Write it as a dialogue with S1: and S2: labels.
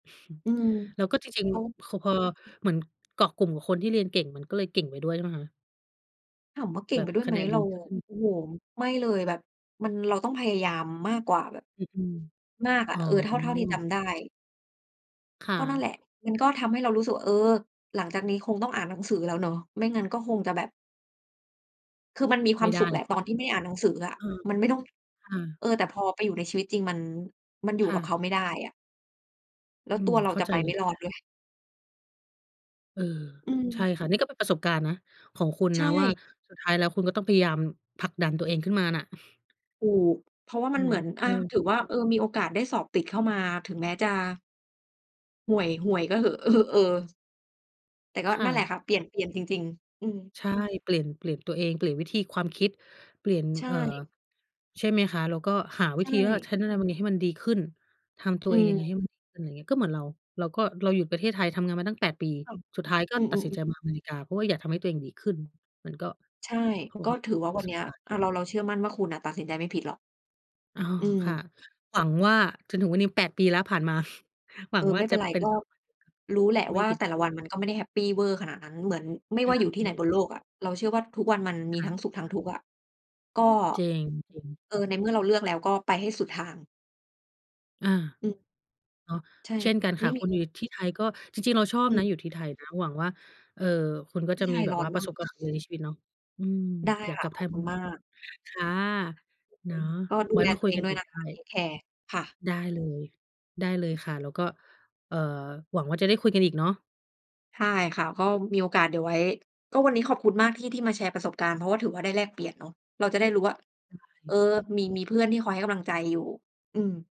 S1: อืม
S2: แล้วก็จริง
S1: เขา
S2: ๆ ค พอเหมือน เกาะกลุ่มกับคนที่เรียนเก่ง มันก็เลยเก่งไปด้วย ใช่ไหมคะ?
S1: ถามว่าเก่
S2: แบ
S1: งไป
S2: บ
S1: ด้วย
S2: ค
S1: ไ
S2: ะ
S1: หม
S2: แนน
S1: เร
S2: ดี
S1: า
S2: ขึ้น
S1: โอ้โฮ ไม่เลย แบบมัน เราต้องพยายามมากกว่าแบบ
S2: อ อืม
S1: มากอ
S2: อ
S1: ะ
S2: ๋อ
S1: เออ เท่า เท่าที่จำได้
S2: ค่
S1: ก็นั่น
S2: ะ
S1: แหละ มันก็ทำให้เรารู้สึกว่า เออ หลัง จากนี้คงต้องอ่านหนังสือแล้วเนาะ ไม่งั้นก็คงจะแบบ คือมันมีคว
S2: ไม
S1: า
S2: ่
S1: ม
S2: ได
S1: สุ
S2: ้
S1: ขแ
S2: แ
S1: ห
S2: ล
S1: ละ
S2: ้ว
S1: ต
S2: อ
S1: อ
S2: ะ
S1: น ที่ไม่ได้อ่านหนังสืออะ
S2: เออ
S1: มันไม่ต้อง
S2: ค่ะ
S1: เออ แต่พอไปอยู่ในชีวิตจริง มัน มันอยู่
S2: ค่
S1: กับเข
S2: ะ
S1: าไม่ได้อะ แล้
S2: อื
S1: วตั
S2: ม
S1: วเร
S2: เ
S1: า
S2: ข้
S1: จ
S2: า
S1: ะ
S2: ใจ
S1: ไป
S2: เล
S1: ไม
S2: ย
S1: ่รอดด้วย
S2: เออ
S1: อื
S2: ใช
S1: ม
S2: ่ค่ะ นี่ก็เป็นประสบการณ์นะของคุณ
S1: ใช
S2: นะว่า
S1: ่
S2: สุดท้ายแล้วคุณก็ต้องพยายามผลักดันตัวเองขึ้นมาน่ะ
S1: ถูก เพราะว่า
S2: ใช
S1: มั
S2: ่
S1: น
S2: ไ
S1: เ
S2: ห
S1: ห
S2: ม?
S1: มือน อ
S2: เอ
S1: า
S2: อ
S1: ถือว่า เออ มีโอกาสได้สอบติดเข้ามา ถึงแม้จะ ห่วย ห่วยก็เหอะ เออ ๆ แต่ก็
S2: ค่
S1: นั่นแหละ
S2: ะ
S1: ค่ะ เปลี่ยน เปลี่ยนจริง ๆ อืม
S2: ใช่ เปลี่ยน เปลี่ยนตัวเอง เปลี่ยนวิธี ความคิด เปลี่ยน
S1: ใช
S2: เอ่อ
S1: ่
S2: ใช่ไหมคะ แล้วก็หา
S1: ใ
S2: ว
S1: ช
S2: ิธีว่า
S1: ่
S2: ฉันจะทำยังไงให้มันดีขึ้น ทำตั
S1: อ
S2: ว
S1: ื
S2: เองยังไงใ
S1: ม
S2: ห้มันดีขึ้น ไรเงี้ย ก็เหมือนเรา เราก็ เราอยู่ประเทศไทยทำงานมาตั้ง 8 ปี
S1: ค่ะ
S2: สุดท้ายก็
S1: อื
S2: ตัด
S1: อ
S2: สิน
S1: ๆ
S2: ใ
S1: ๆ
S2: จมาอเมริกา เพราะว่าอยากทำให้ตัวเองดีขึ้น มันก็
S1: ใช่
S2: เขาบอ
S1: ก็
S2: กว่า
S1: ถือว่
S2: เป็
S1: า
S2: น
S1: ว
S2: ป
S1: ั
S2: ร
S1: น
S2: ะส
S1: เนี
S2: บ
S1: ้ย
S2: การณ์
S1: อา เรา เราเชื่อมั่นว่า คุณน่ะตัดสินใจไม่ผิดหรอก
S2: อ๋อ
S1: อื
S2: ค่ะ
S1: ม
S2: หวังว่า จนถึงวันนี้ 8 ปีแล้วผ่านมา หวั
S1: เอ
S2: ง
S1: อ
S2: ว่
S1: ไ
S2: า
S1: ม่เป
S2: จ
S1: ็
S2: ะ
S1: นไร
S2: เป็น
S1: ก็
S2: แบบ [unintelligible]
S1: รู้แหละ
S2: ไม
S1: ว
S2: ่
S1: ่า
S2: ผิด
S1: แต่ละวันมันก็ไม่ได้แฮปปีเวอร์ขนาดนั้น เหมือนไม่
S2: ใช
S1: ว่าอยู่ที่ไหน
S2: ่
S1: บนโลกอะ เราเชื่อว่าทุกวันมันม
S2: ค
S1: ี
S2: ่
S1: ทั
S2: ะ
S1: ้งสุข ทั้งทุกข์อะ ก็
S2: จริง จริง
S1: เออ ในเมื่อเราเลือกแล้วก็ไปให้สุดทาง
S2: อา
S1: อืม
S2: เนาะ
S1: ใช่
S2: เช่นกันค
S1: ไม
S2: ่ะ
S1: ่ม
S2: ค
S1: ี
S2: นอยู่ที่ไทยก็ จริง ๆ เราชอบ
S1: อื
S2: นะ
S1: ม
S2: อยู่ที่ไทยนะ หวังว่า เอ่อ คุณก็
S1: ที
S2: จะ
S1: ่ไท
S2: มี
S1: ย
S2: แบ
S1: ร้
S2: บ
S1: อ
S2: ว่
S1: น
S2: าป
S1: ม
S2: ระ
S1: าก
S2: สบค
S1: ค
S2: วา
S1: ่
S2: มสำเร็จใน
S1: ะ
S2: ชีวิตเนาะ อืม
S1: ได้
S2: อยาก
S1: ค
S2: ก
S1: ่ะ
S2: ลับ
S1: ข
S2: ไท
S1: อบ
S2: ย
S1: ค
S2: อ
S1: ุ
S2: ื
S1: ณ
S2: ม
S1: มาก
S2: ค่ะ
S1: อ อ
S2: เน
S1: ื
S2: าะ
S1: ม ก็ดู
S2: ไว้
S1: แล
S2: มา
S1: ตั
S2: คุ
S1: ว
S2: ย
S1: เอ
S2: ก
S1: ง
S2: ัน
S1: ด้ว
S2: อี
S1: ย
S2: ก
S1: นะ
S2: ได้
S1: คะ เทกแคร์ ค่ะ
S2: ได้เลย ได้เลยค่ะ แล้วก็ เอ่อ หวังว่าจะได้คุยกันอีกเนาะ
S1: ใช่ค่ะ ก็มีโอกาสเดี๋ยวไว้ ก็วันนี้ขอบคุณมากที่ ที่มาแชร์ประสบการณ์ เพราะว่าถือว่าได้แลกเปลี่ยนเนาะ เราจะได้รู้ว่า
S2: ได้เล
S1: เออ
S2: ย
S1: มี มีเพื่อนที่คอยให้กำลังใจอยู่ อืม